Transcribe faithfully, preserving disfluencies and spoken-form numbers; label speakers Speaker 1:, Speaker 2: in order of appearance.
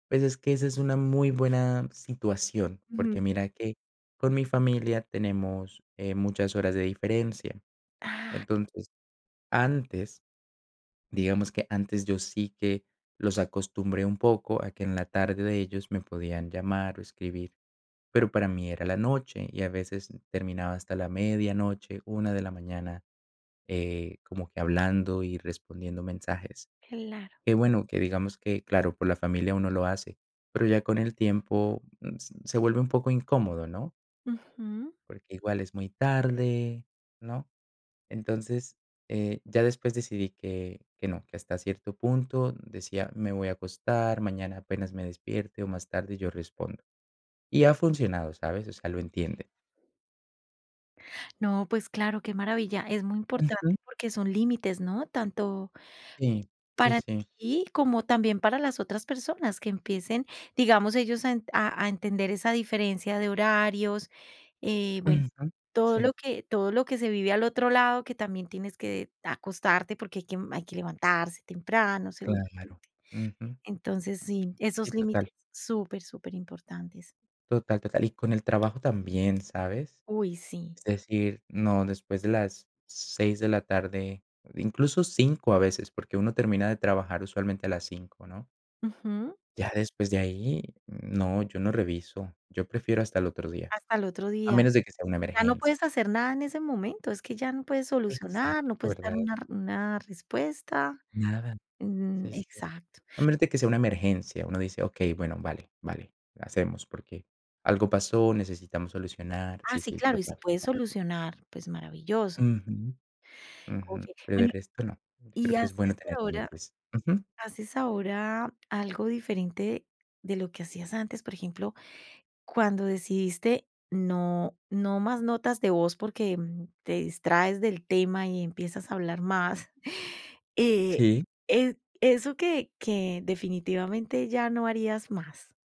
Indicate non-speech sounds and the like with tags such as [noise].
Speaker 1: Pues es que esa es una muy buena situación,
Speaker 2: Ujú.
Speaker 1: porque mira que con mi familia tenemos, eh, muchas horas de diferencia.
Speaker 2: ¡Ah!
Speaker 1: Entonces antes, digamos que antes yo sí que los acostumbré un poco a que en la tarde de ellos me podían llamar o escribir, pero para mí era la noche y a veces terminaba hasta la medianoche, una de la mañana, eh, como que hablando y respondiendo mensajes.
Speaker 2: Claro.
Speaker 1: Que bueno, que digamos que, claro, por la familia uno lo hace, pero ya con el tiempo mm, se vuelve un poco incómodo, ¿no?
Speaker 2: Ujú.
Speaker 1: Porque igual es muy tarde, ¿no?, entonces, eh, ya después decidí que que no que hasta cierto punto decía: "Me voy a acostar, mañana apenas me despierte o más tarde yo respondo", y ha funcionado, ¿sabes?, o sea, lo
Speaker 2: Okey.
Speaker 1: entiende.
Speaker 2: No, pues claro, qué maravilla. Es muy
Speaker 1: Ujú.
Speaker 2: importante porque son límites, ¿no?, tanto
Speaker 1: Sí, sí,
Speaker 2: para
Speaker 1: sí.
Speaker 2: ti como también para las otras personas, que empiecen, digamos, ellos a en a a entender esa diferencia de horarios, eh, bueno,
Speaker 1: Ujú,
Speaker 2: todo
Speaker 1: sí.
Speaker 2: lo que todo lo que se vive al otro lado, que también tienes que acostarte porque hay que m hay que levantarse temprano, seguramente.
Speaker 1: Claro, ujú.
Speaker 2: Entonces, sí,
Speaker 1: Sí,
Speaker 2: esos límites
Speaker 1: total.
Speaker 2: super, super importantes.
Speaker 1: Total, total. Y con el trabajo también, ¿sabes?
Speaker 2: Uy, sí.
Speaker 1: Es decir, no, después de las seis de la tarde, incluso cinco a veces, porque uno termina de trabajar usualmente a las cinco, ¿no?
Speaker 2: Ujú.
Speaker 1: Ya después de ahí no, yo no reviso, yo prefiero hasta el otro día,
Speaker 2: Hasta el otro
Speaker 1: a
Speaker 2: día.
Speaker 1: menos de que sea una
Speaker 2: Ya no
Speaker 1: emergencia.
Speaker 2: puedes hacer nada en ese momento, es que ya no puedes solucionar, no
Speaker 1: Exacto,
Speaker 2: puedes dar
Speaker 1: ¿verdad?
Speaker 2: una r una respuesta.
Speaker 1: Nada,
Speaker 2: Mm,
Speaker 1: sí, sí,
Speaker 2: exacto.
Speaker 1: a menos de que sea una emergencia, uno dice: "Okey, bueno, vale, vale", hacemos porque algo pasó, necesitamos solucionar,
Speaker 2: Ah,
Speaker 1: sí,
Speaker 2: sí,
Speaker 1: sí,
Speaker 2: claro, y si
Speaker 1: total,
Speaker 2: puedes
Speaker 1: total.
Speaker 2: solucionar, pues maravilloso.
Speaker 1: Ujú, ujú,
Speaker 2: Okey,
Speaker 1: pero del
Speaker 2: bueno
Speaker 1: resto, no. Yo
Speaker 2: ¿y
Speaker 1: creo que es
Speaker 2: haces
Speaker 1: bueno tener
Speaker 2: ahora
Speaker 1: límites, ujú.
Speaker 2: haces ahora algo diferente de lo que hacías antes? Por ejemplo, cuando decidiste no no más notas de voz porque te distraes del tema y empiezas a hablar más, [chuckles] eh
Speaker 1: Sí.
Speaker 2: e eso que que definitivamente ya no harías más.